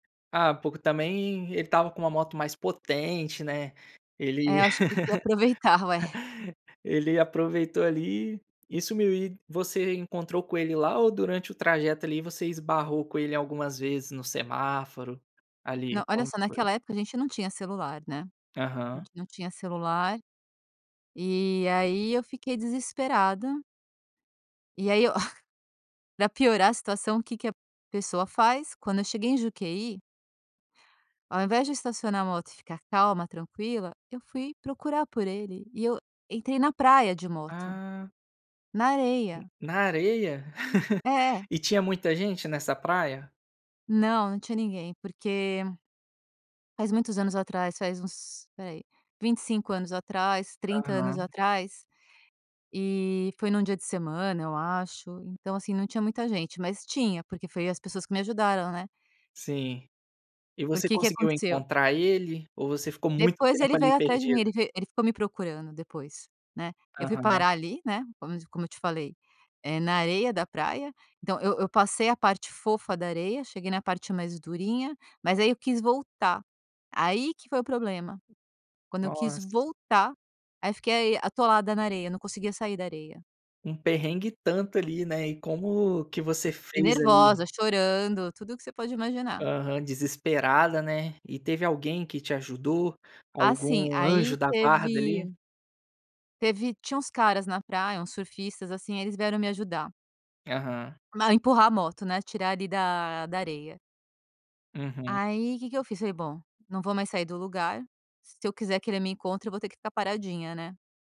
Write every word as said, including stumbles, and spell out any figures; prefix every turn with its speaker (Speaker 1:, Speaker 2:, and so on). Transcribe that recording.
Speaker 1: Ah, pô, que também ele estava com uma moto mais potente, né. Ele,
Speaker 2: É, eu acho que ele queria aproveitar, ué.
Speaker 1: ele aproveitou ali e sumiu. E você encontrou com ele lá ou durante o trajeto, ali você esbarrou com ele algumas vezes no semáforo,
Speaker 2: Não,
Speaker 1: ali,
Speaker 2: olha
Speaker 1: como
Speaker 2: só,
Speaker 1: que foi?
Speaker 2: naquela época a gente não tinha celular, né. A
Speaker 1: Aham.
Speaker 2: gente não tinha celular. E aí eu fiquei desesperada. E aí, ó, para piorar a situação o que que a pessoa faz? Quando eu cheguei em Juquehy ao invés de estacionar a moto e ficar calma, tranquila, eu fui procurar por ele. E eu entrei na praia de moto,
Speaker 1: Ah.
Speaker 2: na
Speaker 1: Hum,
Speaker 2: areia.
Speaker 1: na areia?
Speaker 2: É.
Speaker 1: E tinha muita gente nessa praia?
Speaker 2: Não, não tinha ninguém. Porque Faz muitos anos atrás, faz uns, espera aí, vinte e cinco anos atrás, trinta anos
Speaker 1: Aham.
Speaker 2: atrás. E foi num dia de semana, eu acho. Então, assim, não tinha muita gente, mas tinha porque foi as pessoas que me ajudaram, né.
Speaker 1: Sim. E você
Speaker 2: Porque, que
Speaker 1: conseguiu
Speaker 2: aconteceu.
Speaker 1: encontrar ele ou você ficou muito
Speaker 2: Depois
Speaker 1: tempo
Speaker 2: ele
Speaker 1: ali
Speaker 2: veio atrás de mim,
Speaker 1: perdida?
Speaker 2: ele ve ele ficou me procurando depois, né. Eu fui
Speaker 1: Aham.
Speaker 2: parar ali, né, como te como eu te falei, eh, na areia da praia. Então eu eu passei a parte fofa da areia, cheguei na parte mais durinha, mas aí eu quis voltar, aí que foi o problema. Quando eu quis
Speaker 1: Nossa.
Speaker 2: voltar, aí fiquei atolada na areia, não conseguia sair da areia.
Speaker 1: Um perrengue e tanto ali, né. E como que você
Speaker 2: E
Speaker 1: fez
Speaker 2: nervosa,
Speaker 1: ali?
Speaker 2: chorando, tudo que você pode imaginar.
Speaker 1: Aham, desesperada, né. E teve alguém que te ajudou,
Speaker 2: Assim.
Speaker 1: algum anjo
Speaker 2: Aí
Speaker 1: da guarda,
Speaker 2: teve
Speaker 1: ali?
Speaker 2: teve tinha uns caras na praia, uns surfistas assim, eles vieram me ajudar.
Speaker 1: Aham.
Speaker 2: Ma empurrar a moto, né, tirar ali da da areia.
Speaker 1: Uhum.
Speaker 2: Aí, que que eu fiz? Falei: "Bom, não vou mais sair do lugar, se eu quiser que ele me encontre, eu vou ter que ficar paradinha", né?